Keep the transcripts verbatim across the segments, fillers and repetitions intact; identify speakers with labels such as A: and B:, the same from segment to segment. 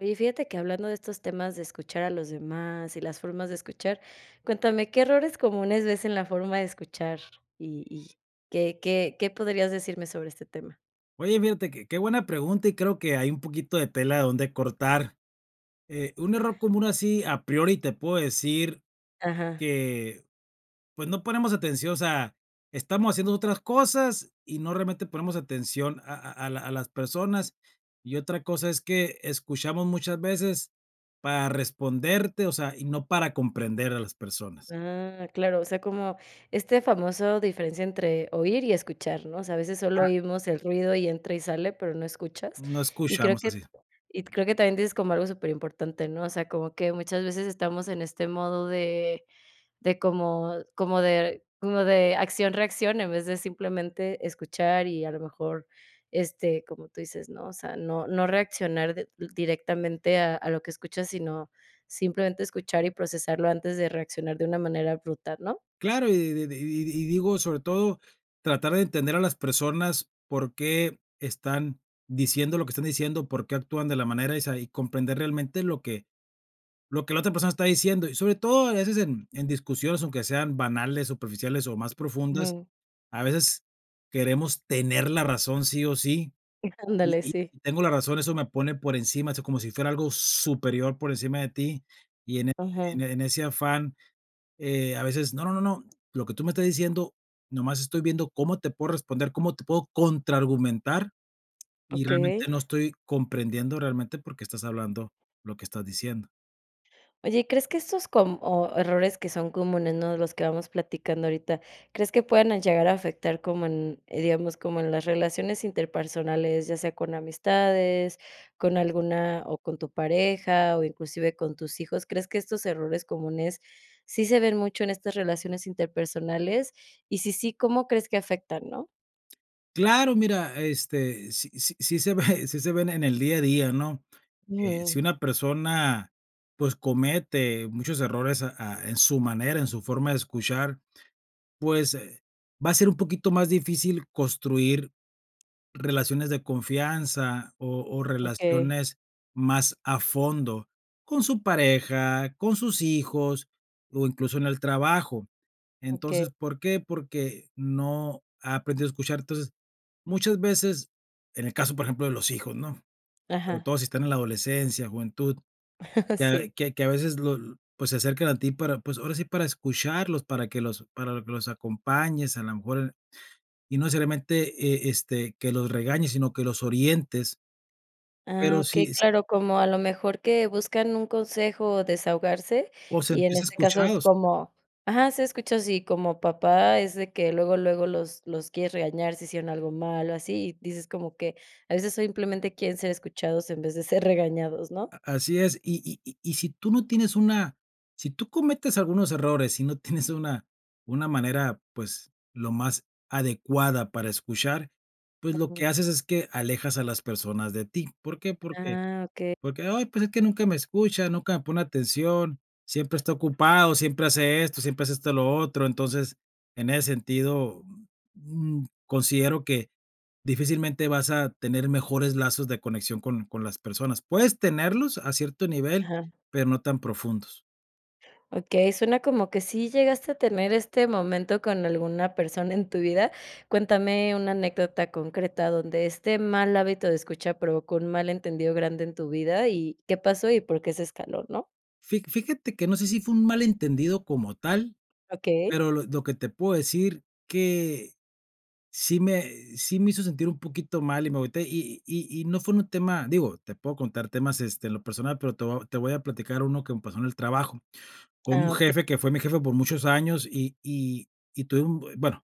A: Oye, fíjate que hablando de estos temas de escuchar a los demás y las formas de escuchar, cuéntame, ¿qué errores comunes ves en la forma de escuchar, y y qué qué qué podrías decirme sobre este tema?
B: Oye, fíjate, qué qué buena pregunta, y creo que hay un poquito de tela de donde cortar. Eh, un error común así, a priori te puedo decir
A: Ajá.
B: que, pues, no ponemos atención, o sea, estamos haciendo otras cosas y no realmente ponemos atención a a a la a las personas, y otra cosa es que escuchamos muchas veces para responderte, o sea, y no para comprender a las personas.
A: Ah, claro, o sea, como este famoso diferencia entre oír y escuchar, ¿no? O sea, a veces solo
B: Ah.
A: oímos el ruido y entra y sale, pero no escuchas.
B: No
A: Y creo
B: escuchamos así.
A: que y creo que también dices como algo superimportante, ¿no? O sea, como que muchas veces estamos en este modo de de como como de como de acción reacción, en vez de simplemente escuchar y, a lo mejor, este, como tú dices, ¿no? O sea, no no reaccionar di directamente a a lo que escuchas, sino simplemente escuchar y procesarlo antes de reaccionar de una manera abrupta, ¿no?
B: Claro, y di di di di y digo, sobre todo, tratar de entender a las personas, por qué están diciendo lo que están diciendo, por qué actúan de la manera esa, y comprender realmente lo que lo que la otra persona está diciendo, y sobre todo a veces en en discusiones, aunque sean banales, superficiales o más profundas,
A: Ujú.
B: a veces queremos tener la razón sí o sí, y
A: Ándale,
B: y
A: sí.
B: si tengo la razón eso me pone por encima, eso como si fuera algo superior por encima de ti, y en en
A: Ujú.
B: en ese afán, eh, a veces, no, no, no, no, lo que tú me estás diciendo, nomás estoy viendo cómo te puedo responder, cómo te puedo contraargumentar y realmente
A: Okey.
B: no estoy comprendiendo realmente, por qué estás hablando lo que estás diciendo.
A: Oye, ¿crees que estos com o errores que son comunes, ¿no?, de los que vamos platicando ahorita, crees que puedan a llegar a afectar como en, eh, digamos, como en las relaciones interpersonales, ya sea con amistades, con alguna, o con tu pareja, o inclusive con tus hijos? ¿Crees que estos errores comunes sí se ven mucho en estas relaciones interpersonales? Y si, sí, ¿cómo crees que afectan, no?
B: Claro, mira, este, sí sí sí se ve, sí se ven en el día a día, ¿no? Eh, si
A: Ujú.
B: una persona, pues, comete muchos errores, ah ah, en su manera, en su forma de escuchar, pues, eh, va a ser un poquito más difícil construir relaciones de confianza o o
A: Okey.
B: relaciones más a fondo con su pareja, con sus hijos, o incluso en el trabajo.
A: Okey.
B: Entonces, ¿por qué? Porque no ha aprendido a escuchar. Entonces, muchas veces en el caso, por ejemplo, de los hijos, ¿no?, sobre
A: Ajá.
B: todo si están en la adolescencia, juventud, que a
A: Sí.
B: que que a veces lo n pues, se acercan a ti para, pues, ahora sí para escucharlos, para que los para que los acompañes, a la mejor en y no solamente, eh, este, que los regañes, sino que los orientes.
A: Ah,
B: Pero sí
A: okey,
B: es
A: claro, como a lo mejor que buscan un consejo o desahogarse,
B: O
A: y en
B: sentirse
A: este caso
B: escuchados.
A: como ajá, ser escuchados, y como papá es de que luego luego los los quieres regañar si hicieron algo mal o así, y dices como que a veces simplemente quieren ser escuchados en vez de ser regañados, ¿no?
B: A así es, y y y y si tú no tienes una si tú cometes algunos errores y no tienes una una manera, pues, lo más adecuada para escuchar, pues, lo
A: Ujú.
B: que haces es que alejas a las personas de ti, ¿por qué? Porque
A: Ah, okey.
B: porque: "Ay, pues, es que nunca me escucha, nunca me pone atención, siempre está ocupado, siempre hace esto, siempre hace este, lo otro". Entonces, en ese sentido, mm mm, considero que difícilmente vas a tener mejores lazos de conexión con con las personas, puedes tenerlos a cierto nivel,
A: Ajá.
B: pero no tan profundos.
A: Okey, suena como que sí llegaste a tener este momento con alguna persona en tu vida. Cuéntame una anécdota concreta, donde este mal hábito de escucha provocó un malentendido grande en tu vida y, ¿qué pasó, y por qué se escaló, no?
B: Fí fíjate que no sé, si fue un malentendido como tal,
A: Okey.
B: pero lo lo que te puedo decir que, sí me sí me hizo sentir un poquito mal y me agüité, y y y y no fue un tema, digo, te puedo contar temas, este, en lo personal, pero te voy te voy a platicar uno que me pasó en el trabajo con un
A: Ah, okey.
B: jefe, que fue mi jefe por muchos años, y y y tuve un bu bueno,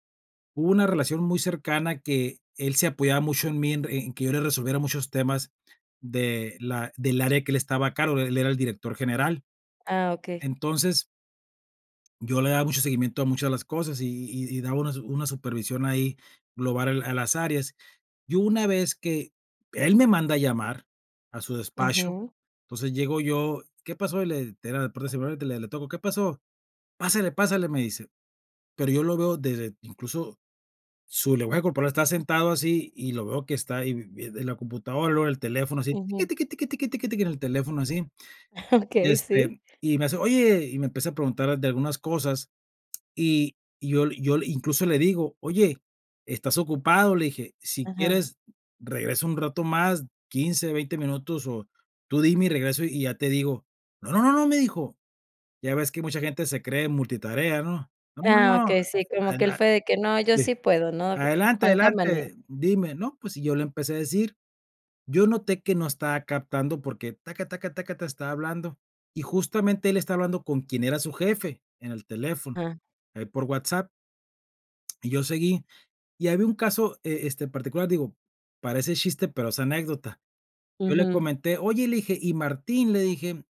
B: hubo una relación muy cercana que él se apoyaba mucho en mí, en en que yo le resolviera muchos temas de la del área que él estaba a cargo, él era el director general,
A: Ah, okey.
B: entonces yo le daba mucho seguimiento a muchas de las cosas y y y daba una su una supervisión ahí global a a las áreas. Yo una vez que él me manda a llamar a su despacho,
A: Ujú.
B: entonces llego yo: "¿Qué pasó?", y le era la puerta cerrada, y le le tocó: "¿Qué pasó?", "pásele, pásale", me dice. Pero yo lo veo desde, incluso, su lenguaje corporal estaba sentado así, y lo veo que está ahí vi vi en la computadora, luego el teléfono así, tiqui,
A: Ujú.
B: tiqui, tiqui, tiqui, tiqui, tiqui, en el teléfono así, y
A: Okey, sí.
B: este y me hace: "Oye", y me empieza preguntar de algunas cosas, y y yo le y yo le, incluso le digo: "Oye, ¿estás ocupado?", le dije. "Si
A: Ajá.
B: quieres regreso un rato más, quince o veinte minutos, o tú dime y regreso y ya te digo". "No, no, no, no", me dijo. Ya ves que mucha gente se cree multitarea, ¿no? "No, no,
A: Ah,
B: no.
A: okey, sí, como que él fue
B: Adelante,
A: de que: "No, yo sí puedo", ¿no?
B: adelante,
A: Juan Camaney.
B: adelante, dime", ¿no? Pues, y yo le empecé a decir. Yo noté que no estaba captando porque, taca, taca, taca, ta, estaba hablando, y justamente él está hablando con quien era su jefe en el teléfono,
A: Ah.
B: ahí por WhatsApp. Y yo seguí, y había un caso, e este, particular, digo: "Parece chiste, pero es anécdota". Yo le
A: Ujú.
B: comenté: "Oye", le dije: "¿y Martín?", le dije: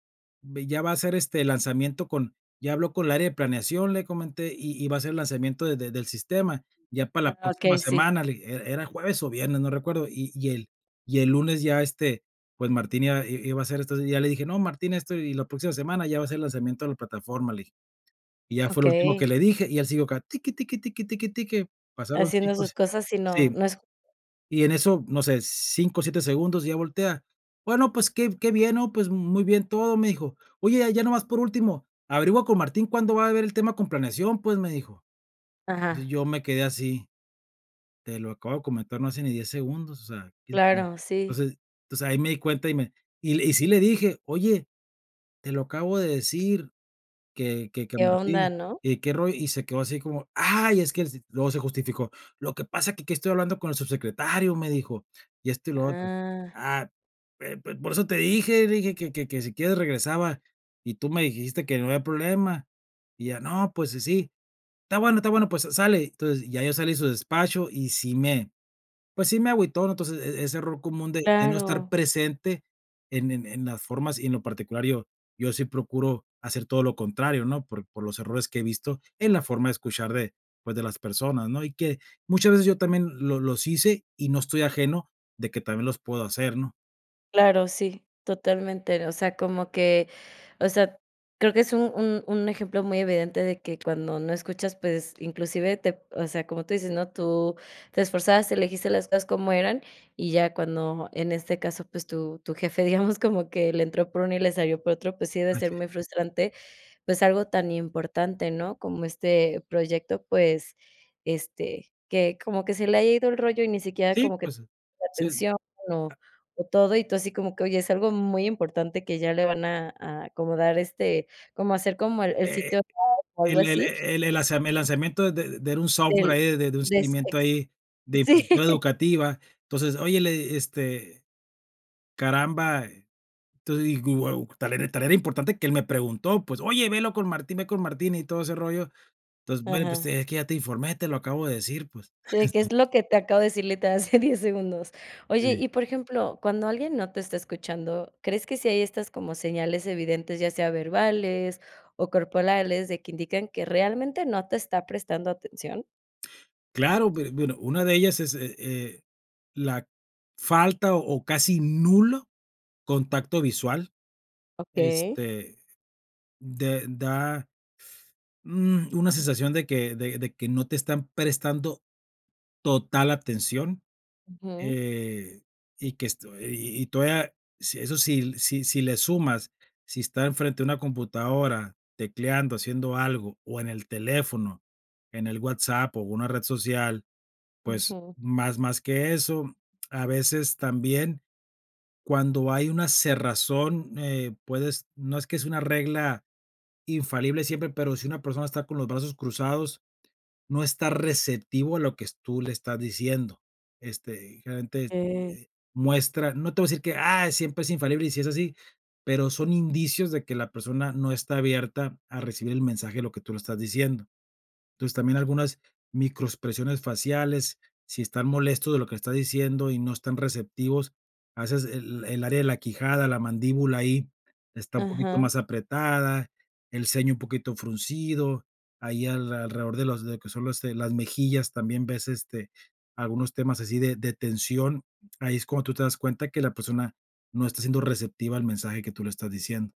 B: "Ve, ya va a hacer este lanzamiento con ya habló con el área de planeación", le comenté: "Y y va a hacer el lanzamiento de de del sistema. Ya para la
A: Ah,
B: próxima
A: okey, sí.
B: semana", le dije, e era jueves o viernes, no recuerdo, y y el y el lunes ya este, pues, Martín iba i i iba a hacer esto, ya le dije: "No, Martín, esto, y la próxima semana ya va a ser el lanzamiento de la plataforma", le dije. Y ya fue lo último
A: Okey.
B: que le dije, y él siguió acá, tiqui, tiqui, tiqui, tiqui, tiqui, tiqui, pasaron
A: Haciendo
B: cinco
A: sus
B: se
A: cosas y no,
B: sí,
A: no es [unintelligible]
B: y en eso, no sé, cinco, siete segundos y ya voltea. "Bueno, pues, qué qué bien, ¿no?, pues, muy bien todo", me dijo. "Oye, ya nomás por último, averigua con Martín cuándo va a ver el tema con planeación", pues, me dijo. Entonces,
A: Ajá.
B: yo me quedé así. Te lo acabo de comentar, no hace ni diez segundos, o sea, [unintelligible]
A: Claro, sí.
B: entonces, pues, ahí me di cuenta y me y le y sí le dije: "Oye, te lo acabo de decir que que que
A: Qué
B: Martín,
A: onda, ¿no?
B: y que ro" y se quedó así como: "Ay es que s", luego se justificó. "Lo que pasa es que aquí estoy hablando con el subsecretario", me dijo, y esto, y lo otro.
A: ¡Ah!
B: "Ah, eh, pues, por eso te dije", dije: "Que que que si quieres regresaba, y tú me dijiste que no había problema". Y ya, no, pues, sí sí. "Está bueno, está bueno, pues, sa sale". Entonces, ya yo salí de su despacho, y sí me, pues, sí me agüitó, entonces, e e ese error común de de no estar
A: Claro.
B: presente en en en las formas, y en lo particular yo yo sí procuro hacer todo lo contrario, ¿no?, por por los errores que he visto en la forma de escuchar de, pues, de las personas, ¿no?, y que muchas veces yo también los los hice y no estoy ajeno de que también los puedo hacer, ¿no?
A: Claro, sí, totalmente, o sea, como que, o sea, creo que es un un un ejemplo muy evidente de que cuando no escuchas, pues, inclusive te o sea, como tú dices, ¿no? Tú te esforzaste, le dijiste las cosas como eran, y ya cuando, en este caso, pues, tu tu jefe, digamos, como que le entró por uno y le salió por otro, pues sí debe
B: Ah,
A: ser
B: sí.
A: muy frustrante, pues algo tan importante, ¿no? Como este proyecto, pues, este, que como que se le ha ido el rollo y ni siquiera
B: Sí,
A: como que
B: pues, eh,
A: la
B: sí.
A: atención
B: Ah
A: [unintelligible] o todo. Y tu así como que, oye, es algo muy importante que ya le van a a a como dar, este como hacer como el el
B: Eh,
A: sitio [unintelligible] o algo
B: el el e
A: así.
B: el el el lazami el lazamiento de de de era un software
A: Del
B: ahí de de un seguimiento ahí de
A: [unintelligible] sí.
B: infraestructura educativa. Entonces, oye, le eh, este, caramba, entonces digo: "Guau, tal era tal era importante que él me preguntó", pues, oye velo con Martín, ve con Martín y todo ese rollo. Entonces: "Bueno, pues,
A: Ajá.
B: es que ya te informé, te lo acabo de decir, pues".
A: Sí, qué es lo que te acabo de decir, literal hace diez segundos. Oye,
B: Sí.
A: y por ejemplo, cuando alguien no te está escuchando, ¿crees que sí hay estas como señales evidentes, ya sea verbales o corpolales, de que indican que realmente no te está prestando atención?
B: Claro, be bueno, una de ellas es, eh, la falta o casi nulo contacto visual,
A: Okey.
B: este, de da, mm, una sensación de que, de de que no te están prestando total atención,
A: Ujú.
B: eh, y que esto y y todavía sí, eso sí si si le sumas, si está en frente de una computadora tecleando, haciendo algo, o en el teléfono, en el WhatsApp o una red social, pues,
A: Ujú.
B: más más que eso, a veces, también cuando hay una cerrazón, eh, puedes no es que sea una regla infalible siempre, pero, si una persona está con los brazos cruzados, no está receptivo a lo que tú le estás diciendo, este, generalmente,
A: Ey.
B: eh, muestra no te voy a decir que: "Ah, siempre es infalible, y sí es así", pero son indicios de que la persona no está abierta a recibir el mensaje de lo que tú le estás diciendo, entonces, también algunas microexpresiones faciales, si están molestos de lo que estás diciendo y no están receptivos, haces el el área de la quijada, la mandíbula ahí, está un poquito
A: Ajá.
B: más apretada, el ceño un poquito fruncido, ahí alrededor de los que son, este, las mejillas también ves, este, algunos temas así de de tensión, ahí es cuando tú te das cuenta que la persona no está siendo receptiva al mensaje que tú le estás diciendo.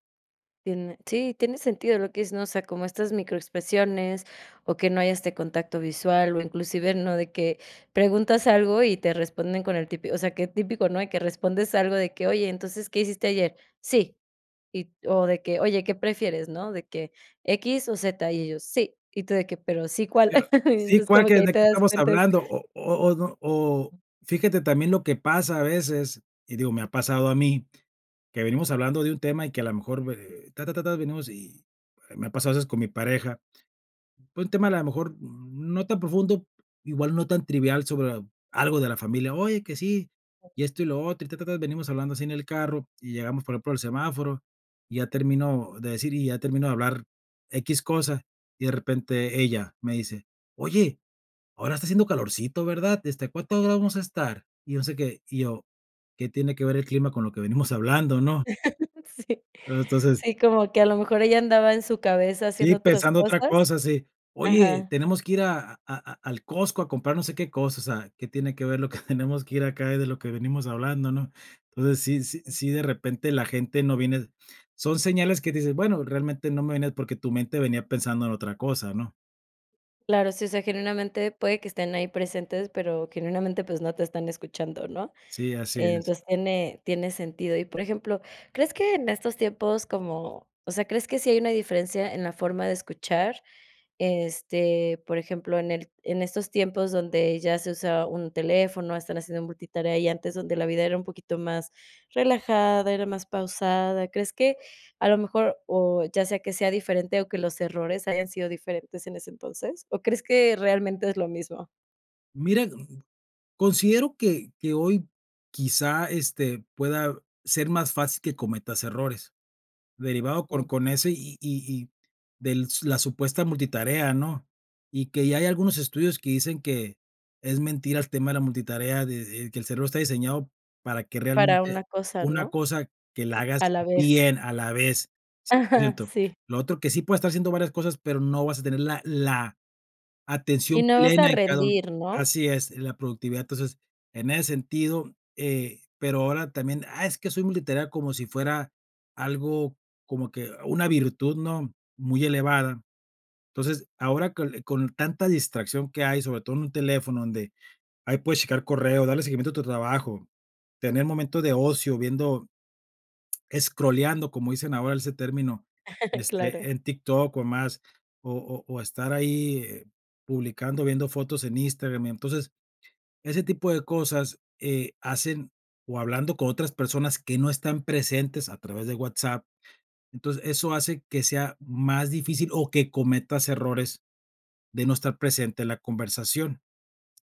A: Tiene Sí, tiene sentido lo que dices ¿no? O sea, como estas micro expresiones, o que no haya este contacto visual, o inclusive, ¿no?, de que preguntas algo, y te responden con el típi O sea, que típico, ¿no? De que respondes algo, de que: "Oye, entonces, ¿qué hiciste ayer?". "Sí". Y, o de que: "Oye, ¿qué prefieres, no? "De que ¿Equis o zeta?" Y y ellos: "Sí". Y tú, de que: "Pero, sí, ¿cuál?".
B: Sí era: "Sí,
A: Entonces,
B: ¿cuál?
A: como que
B: Qué
A: ahí
B: ¿de
A: te
B: que
A: das
B: estamos
A: cuenta, es
B: hablando?". O o o n O fíjate, también, lo que pasa a veces, y digo, me ha pasado a mí. Que venimos hablando de un tema, y que a la mejor, me, eh, ta, ta, ta, ta. Venimos, y me ha pasado a veces, con mi pareja. Fue un tema a lo mejor no tan profundo, igual no tan trivial, sobre a algo de la familia: "Oye que sí. Y esto, y lo otro. Y ta, ta, ta". Venimos hablando así, en el carro, y llegamos, por ejemplo, al semáforo. Y ya termino de decir, y ya termino de hablar equis cosa. Y de repente, ella me dice: "Oye, ahora está haciendo calorcito, ¿verdad? Este, ¿A cuántos grados vamos a estar?", y no se qué. Y yo: "¿Qué tiene que ver el clima, con lo que venimos hablando?", ¿no?
A: Sí.
B: Eh, entonces
A: Sí. Como que a lo mejor, ella andaba en su cabeza,
B: Sí,
A: haciendo otras
B: pensando otra
A: cosas.
B: cosa, sí. "Oye,
A: Ajá.
B: tenemos que ir a a a al Costco a comprar no sé qué cosa". O sea, ¿qué tiene que ver, lo que tenemos que ir acá, de lo que venimos hablando?, ¿no? Entonces, sí sí sí de repente, la gente no viene son señales que dices: "Bueno, realmente, no me vienen", porque tu mente venía pensando en otra cosa, ¿no?
A: Claro, sí. O sea, genuinamente, puede que estén ahí presentes, pero, genuinamente, pues, no te están escuchando, ¿no?
B: Sí, así es.
A: Entonces, tiene tiene sentido. Y, por ejemplo, ¿crees que en estos tiempos, como? O sea, ¿crees que sí hay una diferencia, en la forma de escuchar? Este, por ejemplo, en el En estos tiempos, donde ya se usa un teléfono, están haciendo multitarea. Y antes, donde la vida, era un poquito más relajada, era más pausada. ¿Crees que a lo mejor? O, ya sea, que sea diferente, ¿o que los errores hayan sido diferentes, en ese entonces? ¿O crees, que realmente es lo mismo?
B: Mira, mm, mm, considero que que hoy, quizá, este, pueda ser más fácil que cometas errores, derivado por
A: Mm.
B: con ese y y y del s la supuesta multitarea, ¿no? Y que ya hay algunos estudios que dicen que es mentira el tema de la multitarea, de, eh, que el cerebro está diseñado para que,
A: Para
B: realmente,
A: una cosa,
B: una
A: ¿no?
B: cosa que la hagas
A: A la vez.
B: bien a la vez, cien por
A: Ajá.
B: ciento.
A: Sí.
B: Lo otro, que sí puedes estar haciendo varias cosas, pero no vas a tener la la
A: Y
B: atención
A: no vas a
B: plena en cada u
A: rendir, ¿no?
B: Así es, la productividad. Entonces, en ese sentido, eh, pero ahora también: "Ah, es que soy multitarea". Como si fuera algo, como que una virtud, ¿no?, muy elevada. Entonces, ahora con, eh, con tanta distracción que hay, sobre todo en un teléfono, donde ahí puedes checar correo, darle seguimiento a tu trabajo, tener momento de ocio, viendo escroleando, como dicen ahora, ese término, de
A: Claro.
B: este, en TikTok o más, o o o estar ahí, eh, publicando, viendo fotos en Instagram, y entonces, ese tipo de cosas, eh, hacen o hablando con otras personas que no están presentes, a través de WhatsApp. Entonces, eso hace que sea más difícil o que cometas errores de no estar presente en la conversación.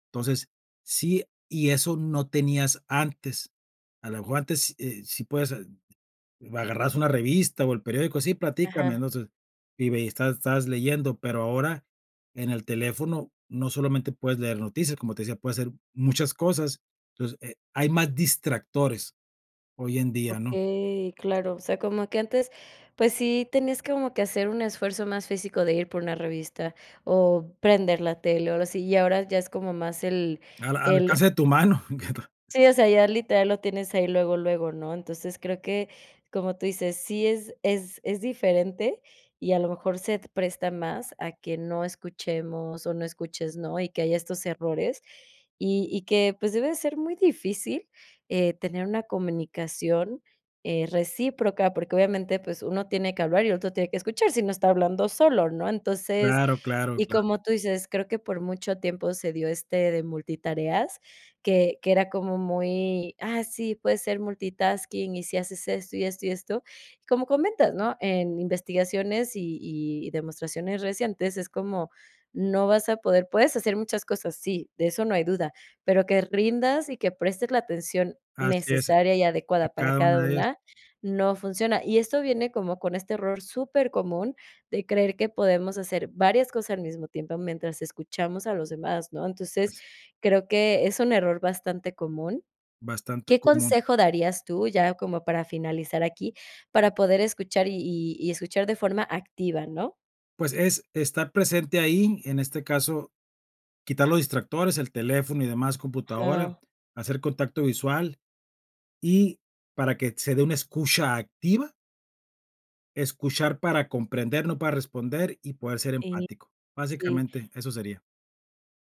B: Entonces, sí, y eso no tenías antes, a la mejor antes, s eh, si puedes, eh, agarrabas una revista, o el periódico: "Sí, platícame",
A: Ajá.
B: no sé, y ve y estás estabas leyendo, pero ahora, en el teléfono, no solamente puedes leer noticias, como te decía, puedes hacer muchas cosas. Entonces, eh, hay más distractores hoy en día,
A: Ok,
B: ¿no?
A: claro. O sea, como que antes, pues, sí tenías como que hacer un esfuerzo más físico de ir por una revista, o prender la tele, o algo así, y ahora ya es como más el
B: Al a al
A: el
B: alcance de tu mano [unintelligible]
A: Sí, o sea, ya, literal, lo tienes ahí luego, luego, ¿no? Entonces, creo que, como tú dices, sí es es es diferente, y, a lo mejor, se presta más a que no escuchemos o no escuches, ¿no? Y que haya estos errores. Y y que, pues, debe de ser muy difícil, eh, tener una comunicación, eh, recíproca, porque obviamente, pues, uno tiene que hablar y el otro tiene que escuchar, si no, está hablando solo, ¿no? Entonces
B: Claro, claro,
A: y,
B: claro.
A: como tú dices, creo que por mucho tiempo se dio este de multitareas, que que era como muy: "Ah, sí, puedes ser multitasking, y si haces esto, y esto, y esto". Y, como comentas, ¿no?, en investigaciones y y demostraciones recientes es como no vas a poder. Puedes hacer muchas cosas, sí, de eso no hay duda. Pero que rindas y que prestes la atención
B: Así es,
A: necesaria y adecuada para
B: cada
A: cada
B: una es
A: una, no funciona. Y esto viene como con este error supercomun de creer que podemos hacer varias cosas al mismo tiempo mientras escuchamos a los demás, ¿no? Entonces,
B: Así.
A: creo que es un error bastante común,
B: Bastante
A: ¿qué
B: común.
A: consejo darías tú, ya como para finalizar aquí, para poder escuchar, y y y escuchar de forma activa, no?
B: Pues, es estar presente ahí, en este caso, quitar los distractores, el teléfono y demás, computadora,
A: Ajá.
B: hacer contacto visual y, para que se dé una escucha activa escuchar para comprender, no para responder y poder ser
A: Y
B: empático.
A: Sí.
B: Básicamente, eso sería.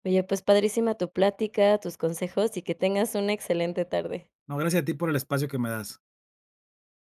A: Oye, pues, padrísima tu plática, tus consejos, y que tengas una excelente tarde.
B: No, gracias a ti, por el espacio que me das.